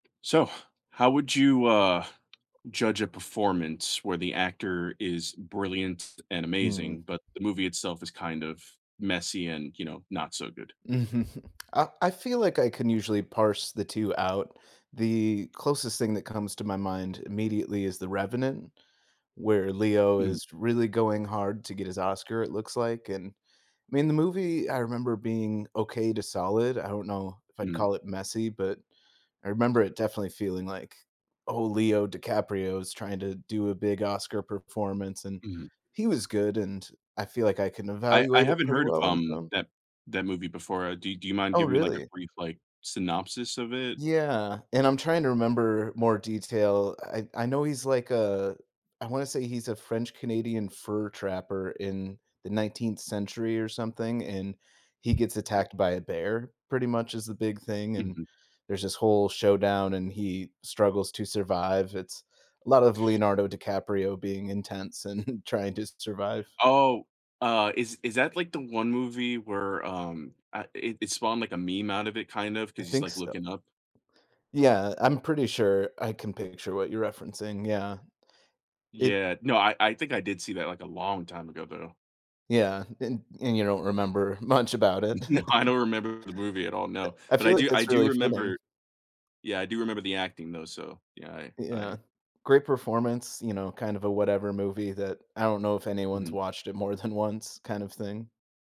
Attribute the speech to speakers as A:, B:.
A: So, how would you, uh, judge a performance where the actor is brilliant and
B: Mm.
A: amazing, but the movie itself is kind of messy and, you know, not so good?
B: I I feel like I can usually parse the two out. The closest thing that comes to my mind, immediately, is The Revenant, where Leo
A: Mm.
B: is really going hard to get his Oscar, it looks like and, I mean, the movie, I remember being okay to solid. I don't know if I'd
A: Mm.
B: call it messy, but I remember it definitely feeling like, "Oh, Leo DiCaprio is trying to do a big Oscar performance," and,
A: Mhm.
B: he was good, and I feel like I can
A: I I
B: evaluate it
A: haven't
B: pretty
A: heard of,
B: well on
A: um,
B: some
A: that that movie before. Do do you mind
B: Oh,
A: giving me, like, a
B: really?
A: brief, like, synopsis of it?
B: Yeah, and, I'm trying to remember more detail, I I know he's like a I wanna say he's a French-Canadian fur trapper in the 19th century or something, and he gets
A: M
B: attacked by a bear pretty much is the big thing, and,
A: Mhm.
B: there's this whole showdown, and he struggles to survive. It's a lot of Leonardo DiCaprio being intense and trying to survive.
A: Oh, uh, is is that, like, the one movie where, um, ah it it spawned, like, a meme out of it, kind of,
B: I
A: 'cause he's,
B: think
A: like,
B: so
A: looking up?
B: Yeah, I'm pretty sure I can picture what you're referencing, yeah. It
A: Yeah. No, I I think I did see that, like, a long time ago, though.
B: Yeah, and and you don't remember much about it.
A: No. I don't remember the movie at all,
B: E
A: no.
B: I
A: But, I
B: feel like
A: do I
B: that's
A: do
B: really fitting.
A: remember yeah, I do remember the acting, though, so yeah, I I
B: Yeah. Great performance, you know, kind of a whatever movie that I don't know if anyone's
A: Mhm.
B: watched it more than once kind of thing.